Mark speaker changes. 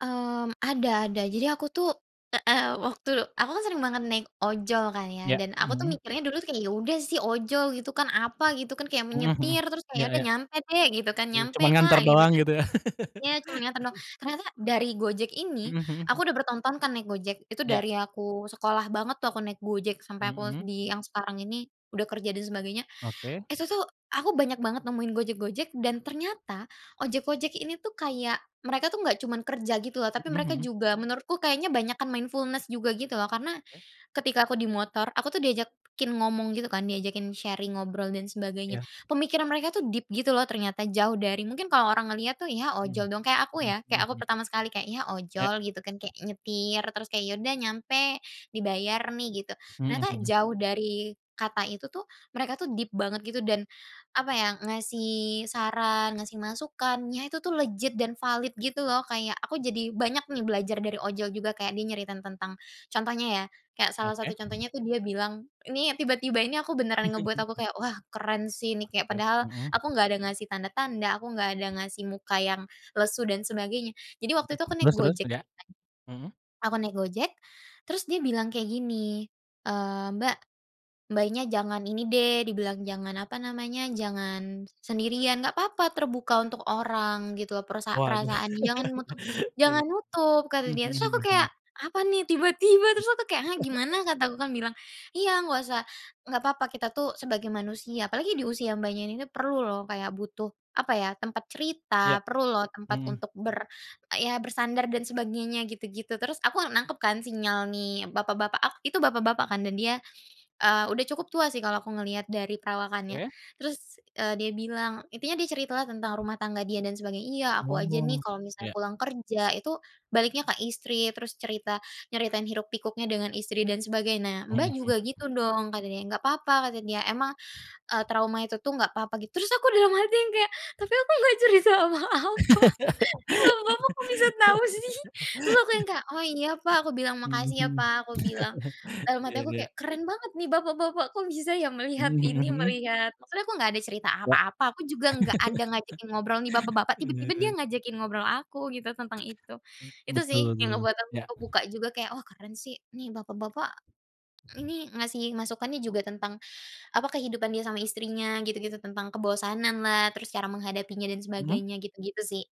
Speaker 1: Mmm, ada ada. Jadi aku tuh, eee, waktu aku kan sering banget naik ojol kan ya
Speaker 2: Ya,
Speaker 1: dan aku tuh
Speaker 2: mhm.
Speaker 1: mikirnya dulu tuh kayak ya udah sih ojol gitu kan apa gitu kan, kayak
Speaker 2: Mhm mhm,
Speaker 1: menyetir terus kayak ya
Speaker 2: ya
Speaker 1: udah
Speaker 2: ya.
Speaker 1: nyampe dek gitu kan,
Speaker 2: [unintelligible]
Speaker 1: nyampe
Speaker 2: cuma
Speaker 1: kak
Speaker 2: nganter
Speaker 1: gitu
Speaker 2: doang
Speaker 1: kan.
Speaker 2: gitu ya.
Speaker 1: Iya cuman nganter doang, ternyata dari Gojek ini,
Speaker 2: Mhm mhm
Speaker 1: aku
Speaker 2: mhm.
Speaker 1: udah bertahun-tahun kan naik Gojek, itu
Speaker 2: Ya.
Speaker 1: dari aku sekolah banget tuh aku naik Gojek sampai aku
Speaker 2: Mhm.
Speaker 1: di yang sekarang ini udah kerja dan sebagainya,
Speaker 2: Oke.
Speaker 1: itu tuh aku banyak banget nemuin Gojek-Gojek dan ternyata ojek-ojek ini tuh kayak mereka tuh enggak cuman kerja gitu loh tapi
Speaker 2: Mhm
Speaker 1: mereka
Speaker 2: mhm.
Speaker 1: juga menurutku kayaknya banyakan mindfulness juga gitu loh karena,
Speaker 2: Oke.
Speaker 1: ketika aku di motor aku tuh diajakin ngomong gitu kan, diajakin sharing ngobrol dan sebagainya.
Speaker 2: Iya.
Speaker 1: Pemikiran mereka tuh deep gitu loh ternyata jauh dari mungkin kalau orang ngelihat tuh ya
Speaker 2: Mhm
Speaker 1: ojol dong, kayak aku
Speaker 2: mhm
Speaker 1: ya kayak
Speaker 2: mhm
Speaker 1: aku
Speaker 2: mhm.
Speaker 1: pertama sekali kayak ya
Speaker 2: Oke.
Speaker 1: ojol gitu kan, kayak nyetir terus kayak ya udah nyampe, dibayar nih gitu.
Speaker 2: Mhm
Speaker 1: Ternyata
Speaker 2: mhm.
Speaker 1: jauh dari kata itu tuh mereka tuh deep banget gitu dan, apa ya, ngasih saran ngasih masukan ya itu tuh legit dan valid gitu loh, kayak aku jadi banyak nih belajar dari ojol juga kayak dia nyeritain tentang, contohnya ya kayak salah
Speaker 2: Oke,
Speaker 1: satu
Speaker 2: mhm.
Speaker 1: contohnya tuh dia bilang, ini tiba-tiba ini aku beneran ngebuat aku kayak wah keren sih ini kayak
Speaker 2: Oke,
Speaker 1: padahal
Speaker 2: mhm.
Speaker 1: aku nggak ada ngasih tanda-tanda, aku nggak ada ngasih muka yang lesu dan sebagainya. Jadi
Speaker 2: Iya,
Speaker 1: waktu itu aku naik
Speaker 2: terus terus
Speaker 1: Gojek
Speaker 2: udah?
Speaker 1: kan,
Speaker 2: Mhm.
Speaker 1: aku naik Gojek, terus dia bilang kayak gini, eee, "Mbak, Mbaknya, jangan ini deh" dibilang jangan, apa namanya, "jangan sendirian, nggak papa terbuka untuk orang gitu loh," perasa
Speaker 2: Waduh.
Speaker 1: "perasaan jangan nutup jangan
Speaker 2: Oke,
Speaker 1: nutup" kata
Speaker 2: mhm
Speaker 1: dia terus
Speaker 2: mhm
Speaker 1: aku
Speaker 2: mhm
Speaker 1: kayak
Speaker 2: mhm.
Speaker 1: apa nih tiba-tiba terus aku kayak, "hah, gimana?" Kataku kan bilang, "iya nggak usah nggak papa kita tuh sebagai manusia apalagi di usia, Mbaknya, ini nih perlu loh kayak butuh," apa ya, "tempat
Speaker 2: Iya,
Speaker 1: cerita, perlu loh tempat
Speaker 2: mhm.
Speaker 1: untuk" ber "ya bersandar dan sebagainya" gitu-gitu. Terus aku nangkep kan sinyal nih bapak-bapak, ak itu bapak-bapak kan dan dia, eee, udah cukup tua sih kalau aku ngelihat dari perawakannya.
Speaker 2: Oke.
Speaker 1: Terus, eee, dia bilang intinya dia cerita lah tentang rumah tangga dia dan sebagainya, "iya aku aja nih
Speaker 2: Oh,
Speaker 1: kalau misalnya
Speaker 2: iya.
Speaker 1: pulang kerja itu baliknya ke istri terus cerita nyeritain hiruk pikuknya dengan istri dan sebagainya. Nah,
Speaker 2: Mhm
Speaker 1: Mbak,
Speaker 2: mhm.
Speaker 1: juga gitu dong" katanya, "nggak papa kata dia, emang," eee, "trauma itu tuh nggak papa" gitu, terus aku dalam hati yang kayak, "tapi aku nggak cerita apa-apa, ini bapak-bapak kok bisa tahu sih," terus aku yang kayak, "oh iya, Pak," aku bilang,
Speaker 2: Mhm
Speaker 1: "makasih ya,
Speaker 2: mhm.
Speaker 1: Pak," aku bilang. Dalam hati
Speaker 2: Iya
Speaker 1: aku
Speaker 2: iya.
Speaker 1: kayak keren banget nih bapak-bapak kok bisa ya melihat
Speaker 2: Mhm
Speaker 1: ini,
Speaker 2: mhm mhm.
Speaker 1: melihat maksudnya aku nggak ada cerita
Speaker 2: Ya.
Speaker 1: apa-apa, aku juga enggak ada ngajakin ngobrol nih bapak-bapak tiba-tiba dia
Speaker 2: [unintelligible]
Speaker 1: ngajakin ngobrol aku gitu tentang itu, itu sih
Speaker 2: Betul
Speaker 1: yang
Speaker 2: tuh.
Speaker 1: ngebuat aku
Speaker 2: Ya.
Speaker 1: kebuka juga kayak wah keren sih nih bapak-bapak, ini ngasih masukannya juga tentang, apa kehidupan dia sama istrinya gitu-gitu, tentang kebosanan lah terus cara menghadapinya dan
Speaker 2: Mhm.
Speaker 1: sebagainya, gitu-gitu sih.